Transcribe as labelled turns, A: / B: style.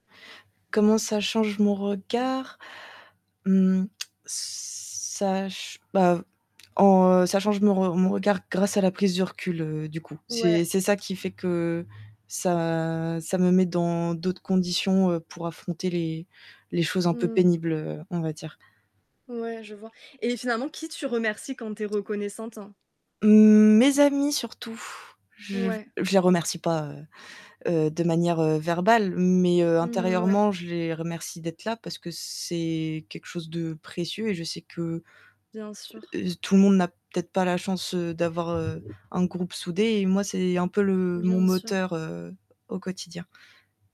A: Comment ça change mon
B: Ouais.
A: regard? Mmh Ça ch bah, en, heu, change mon re mon regard grâce à la prise du recul, heu, du coup. C'est
B: Ouais.
A: c'est ça qui fait que ça ça me met dans d'autres conditions, heu, pour affronter les les choses un peu
B: Mmh mh.
A: pénibles, on va dire.
B: Ouais, je vois et finalement, qui tu remercies quand tu es reconnaissante?
A: Mmh, mes amis surtout. Je
B: Ouais.
A: je les remercie pas, heu heu, de manière, heu, verbale mais heu,
B: Mmh ouais.
A: intérieurement, je les remercie d'être là parce que c'est quelque chose de précieux et je sais que
B: Bien sûr.
A: heu, tout le monde n'a peut-être pas la chance, heu, d'avoir, heu, un groupe soudé et moi c'est un peu le mon
B: Bien sûr.
A: moteur, heu, au quotidien.